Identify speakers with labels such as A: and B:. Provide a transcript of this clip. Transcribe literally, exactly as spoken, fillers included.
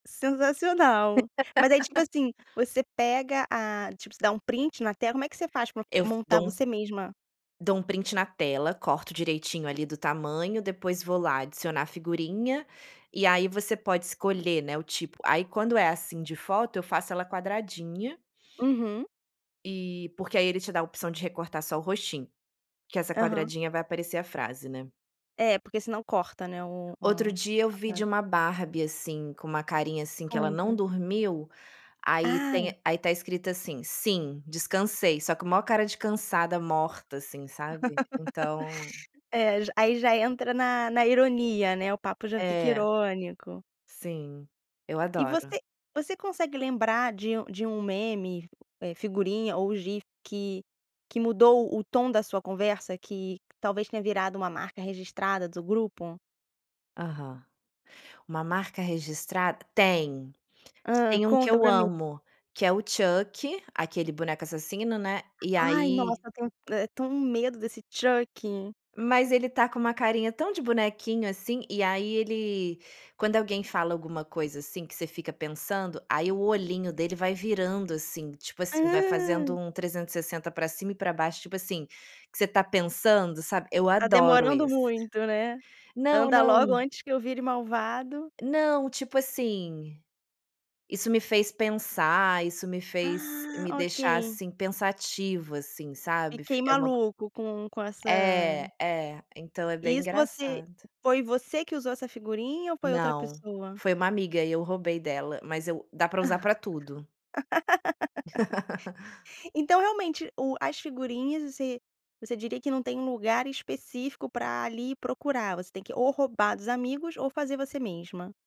A: Sensacional, mas aí, tipo assim, você pega a tipo, você dá um print na tela como é que você faz para
B: Eu f
A: montar,
B: dou um
A: você mesma?
B: dou um print na tela, corto direitinho ali do tamanho, depois vou lá, "adicionar a figurinha", e aí você pode escolher, né, o tipo aí quando é assim de foto eu faço ela quadradinha
A: Uhum.
B: eh, porque aí ele te dá a opção de recortar só o rostinho, que essa
A: Aham.
B: quadradinha vai aparecer a frase, né.
A: É, porque senão corta, né, o
B: Outro
A: ah,
B: dia eu
A: a
B: vi de
A: parte.
B: uma Barbie, assim, com uma carinha, assim, que ela não
A: Conta.
B: dormiu, aí
A: Ah.
B: tem aí está escrito assim: "Sim, descansei.", só que "mó" cara de cansada, morta, assim, sabe, então
A: É, já aí já entra na na ironia, né, o papo já fica
B: É.
A: irônico.
B: Sim, eu
A: E você
B: adoro.
A: você consegue lembrar de um de um meme, eh, figurinha ou gif, que que mudou o o tom da sua conversa, que talvez tenha virado uma marca registrada do grupo?
B: Aham. Uma "marca registrada"? Tem.
A: Hã,
B: Tem um que
A: conta
B: eu
A: para mim.
B: amo, que é o Chucky, aquele "boneco assassino", né, e
A: Ai, nossa,
B: aí
A: eu tenho, eh, tenho um medo desse Chuck.
B: Mas ele está com uma carinha tão de bonequinho, assim, e aí ele quando alguém fala alguma coisa, assim, que você fica pensando, aí o olhinho dele vai virando assim, tipo assim, vai fazendo
A: Hã.
B: um trezentos e sessenta para cima e para baixo, tipo assim, que você está pensando, sabe eu
A: "Tá
B: adoro
A: demorando
B: esse.
A: muito", né,
B: Não,
A: "Anda logo,
B: não.
A: antes que eu vire malvado"
B: Não, tipo assim, "Isso me fez pensar", "Isso me fez,
A: Ah,
B: me deixar,
A: ok.
B: assim, pensativa", assim, sabe,
A: Fiquei
B: fic é uma
A: maluco com com essa
B: É, é, então é bem
A: Isso você
B: engraçado.
A: foi você que usou essa figurinha ou foi outra
B: Não,
A: pessoa?
B: foi uma amiga e eu roubei dela, mas eu dá para usar para tudo.
A: Então, realmente, o as figurinhas você você diria que não tem um lugar específico, para ali procurar, você tem que, ou roubar dos amigos ou fazer você mesma.